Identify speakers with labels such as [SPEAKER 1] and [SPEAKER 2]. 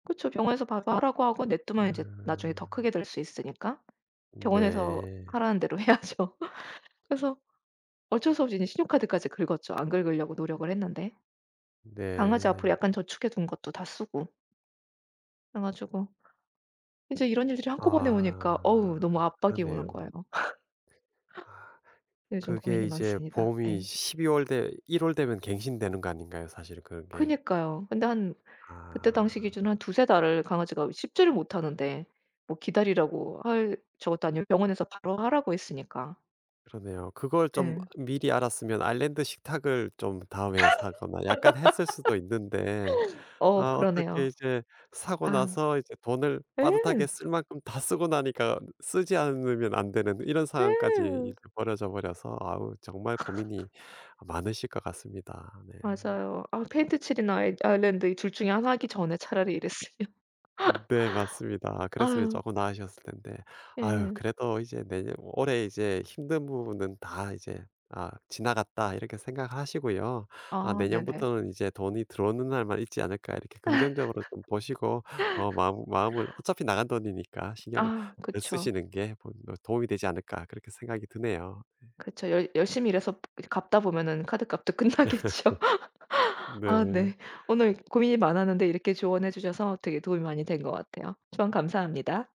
[SPEAKER 1] 그쵸. 병원에서 봐서 하라고 하고 냅두면 이제 나중에 더
[SPEAKER 2] 음.
[SPEAKER 1] 크게 될 수 있으니까 병원에서
[SPEAKER 2] 네.
[SPEAKER 1] 하라는 대로 해야죠. 그래서 어쩔 수 없이 이제 신용카드까지 긁었죠. 안 긁으려고 노력을 했는데. 강아지 앞으로
[SPEAKER 2] 네.
[SPEAKER 1] 약간 저축해 둔 것도 다 쓰고. 그래 가지고 이제 이런 일들이 한꺼번에 오니까
[SPEAKER 2] 아
[SPEAKER 1] 어 너무 압박이 오는 거예요.
[SPEAKER 2] 그러네요. 아.
[SPEAKER 1] 요즘
[SPEAKER 2] 그게
[SPEAKER 1] 고민이
[SPEAKER 2] 이제
[SPEAKER 1] 많습니다.
[SPEAKER 2] 보험이
[SPEAKER 1] 네.
[SPEAKER 2] 12 월 되 1 월 되면 갱신되는 거 아닌가요, 사실은 그게?
[SPEAKER 1] 그니까요. 근데 한 그때 당시
[SPEAKER 2] 아.
[SPEAKER 1] 기준으로 한 2-3 달을 강아지가 씹지를 못하는데 뭐 기다리라고 할 저것도 아니고 병원에서 바로 하라고 했으니까.
[SPEAKER 2] 그러네요. 그걸 좀
[SPEAKER 1] 네.
[SPEAKER 2] 미리 알았으면 아일랜드 식탁을 좀 다음에 사거나 약간 했을 수도 있는데
[SPEAKER 1] 어
[SPEAKER 2] 아 어떻게
[SPEAKER 1] 그러네요.
[SPEAKER 2] 이제 사고
[SPEAKER 1] 아.
[SPEAKER 2] 나서 이제 돈을 빠듯하게
[SPEAKER 1] 예.
[SPEAKER 2] 쓸 만큼 다 쓰고 나니까 쓰지 않으면 안 되는 이런 상황까지
[SPEAKER 1] 예.
[SPEAKER 2] 이제 벌어져 버려서 아 정말 고민이 아 많으실 것 같습니다. 네.
[SPEAKER 1] 맞아요. 아 페인트칠이나 이 아일랜드 이 둘 중에 하나 하기 전에 차라리 이랬으면.
[SPEAKER 2] 네 맞습니다. 아 그랬으면
[SPEAKER 1] 아.
[SPEAKER 2] 쪼끔 나으셨을 텐데. 아유
[SPEAKER 1] 예.
[SPEAKER 2] 그래도 이제 내년 올해 이제 힘든 부분은 다 이제 '아 지나갔다.' 이렇게 생각하시고요. 아
[SPEAKER 1] 아 네네.
[SPEAKER 2] 내년부터는 이제 돈이 들어오는 날만 있지 않을까 이렇게 긍정적으로 좀 보시고 어 마음 마음을 어차피 나간 돈이니까 신경을
[SPEAKER 1] 아
[SPEAKER 2] 덜
[SPEAKER 1] 그쵸.
[SPEAKER 2] 쓰시는 게 본인 어 도움이 되지 않을까 그렇게 생각이 드네요. 네.
[SPEAKER 1] 그쵸. 열 열심히 일해서 이제 갚다 보면은 카드값도 끝나겠죠. 아
[SPEAKER 2] 네.
[SPEAKER 1] 네. 오늘 고민이 많았는데 이렇게 조언해 주셔서 되게 도움이 많이 된 것 같아요. 조언 감사합니다.